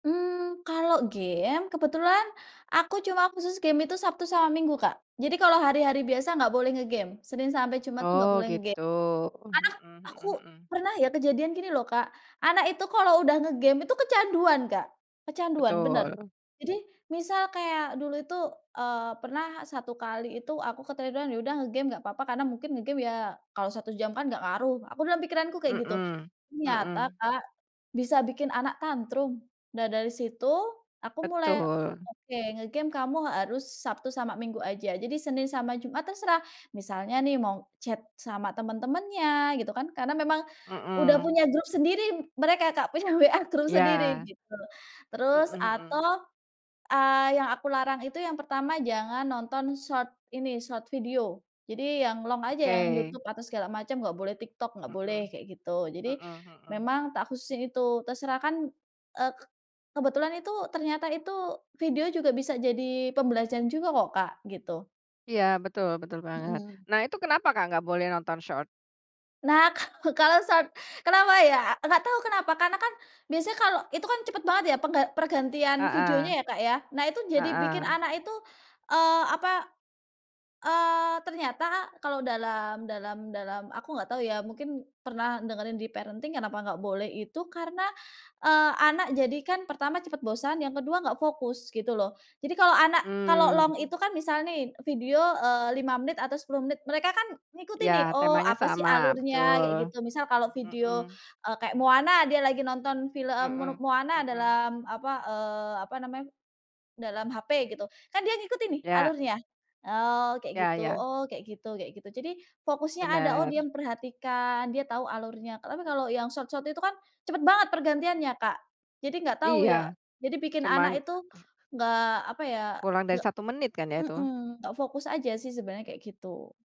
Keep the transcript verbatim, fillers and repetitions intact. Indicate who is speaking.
Speaker 1: Mmm, kalau game kebetulan aku cuma khusus game itu Sabtu sama Minggu, Kak. Jadi, kalau hari-hari biasa nggak boleh nge-game. Senin sampai Jumat, tuh, nggak
Speaker 2: Oh,
Speaker 1: boleh nge-game,
Speaker 2: gitu.
Speaker 1: karena
Speaker 2: Mmm,
Speaker 1: aku
Speaker 2: mhm mhm.
Speaker 1: pernah ya, kejadian, gini loh, Kak. Anak itu kalau udah nge-game itu kecanduan, Kak, kecanduan, bener.
Speaker 2: Betul.
Speaker 1: Jadi, misal kayak dulu itu, eee, pernah satu kali itu aku ketiduran, ya udah, nge game nggak papa karena mungkin nge-game ya, kalau satu jam kan nggak ngaruh, aku dalam pikiranku kayak gitu.
Speaker 2: Mmm
Speaker 1: Ternyata,
Speaker 2: mmm.
Speaker 1: Kak, bisa bikin anak tantrum. Nah, dari situ aku mulai,
Speaker 2: Betul.
Speaker 1: "Oke, nge-game kamu harus Sabtu sama Minggu aja." Jadi, Senin sama Jumat terserah, misalnya nih, mau chat sama temen-temennya gitu kan, karena memang udah
Speaker 2: Mmm.
Speaker 1: punya grup sendiri mereka, Kak, punya WA grup sendiri,
Speaker 2: Iya.
Speaker 1: gitu.
Speaker 2: Mhm,
Speaker 1: Terus
Speaker 2: mmm.
Speaker 1: atau, eee, yang aku larang itu, yang pertama jangan nonton short ini, short video. Jadi, yang long aja, yang
Speaker 2: Oke.
Speaker 1: YouTube atau segala macam nggak boleh, TikTok nggak boleh,
Speaker 2: Mhm
Speaker 1: kayak gitu. Jadi,
Speaker 2: mhm mhm.
Speaker 1: memang tak khususin itu, terserah kan, eee, kebetulan itu ternyata itu, video juga bisa jadi pembelajaran juga kok, Kak, gitu.
Speaker 2: Iya, betul betul banget.
Speaker 1: Mmm.
Speaker 2: Nah, itu kenapa, Kak, nggak boleh nonton short?
Speaker 1: Nah, kalau kalau short kenapa ya? Nggak tahu kenapa, karena kan biasanya kalau itu kan cepet banget ya, pengga pergantian videonya
Speaker 2: Heeh
Speaker 1: ya, Kak, ya. Nah, itu jadi bikin
Speaker 2: heeh.
Speaker 1: anak itu, eee, apa, eee, ternyata kalau dalam dalam dalam aku nggak tahu ya, mungkin pernah dengerin di parenting kenapa enggak boleh itu karena, eee, anak jadi kan, pertama cepet bosan, yang kedua nggak fokus, gitu loh. Jadi, kalau anak kalau long
Speaker 2: Mmm.
Speaker 1: itu kan, misal nih video, eee, lima menit atau sepuluh menit, mereka kan ngikutin nih,
Speaker 2: Ya,
Speaker 1: "Oh,
Speaker 2: temanya
Speaker 1: apa sih
Speaker 2: sama,
Speaker 1: alurnya," kayak
Speaker 2: betul.
Speaker 1: gitu. Misal kalau video,
Speaker 2: Mmm.
Speaker 1: eee, kayak Moana, dia lagi nonton film mono
Speaker 2: Mmm
Speaker 1: Moana
Speaker 2: mmm.
Speaker 1: dalam apa, eee, apa namanya, dalam HP gitu. Kan dia ngikutin nih,
Speaker 2: Ya.
Speaker 1: alurnya, "Oh, kayak
Speaker 2: Ya
Speaker 1: gitu
Speaker 2: ya.
Speaker 1: oh kayak gitu," kayak gitu. Jadi, fokusnya ada, "Oh, dia
Speaker 2: Bener.
Speaker 1: memperhatikan, dia tau alurnya." Tapi, kalau yang short short itu kan, cepet banget pergantiannya, Kak. Jadi, nggak tahu ya,
Speaker 2: Iya,
Speaker 1: jadi bikin anak
Speaker 2: cuman,
Speaker 1: itu,
Speaker 2: eee
Speaker 1: nggak apa ya,
Speaker 2: Kurang dari
Speaker 1: gak
Speaker 2: satu menit kan ya, itu?
Speaker 1: mmm, nggak fokus aja sih sebenarnya, kayak gitu.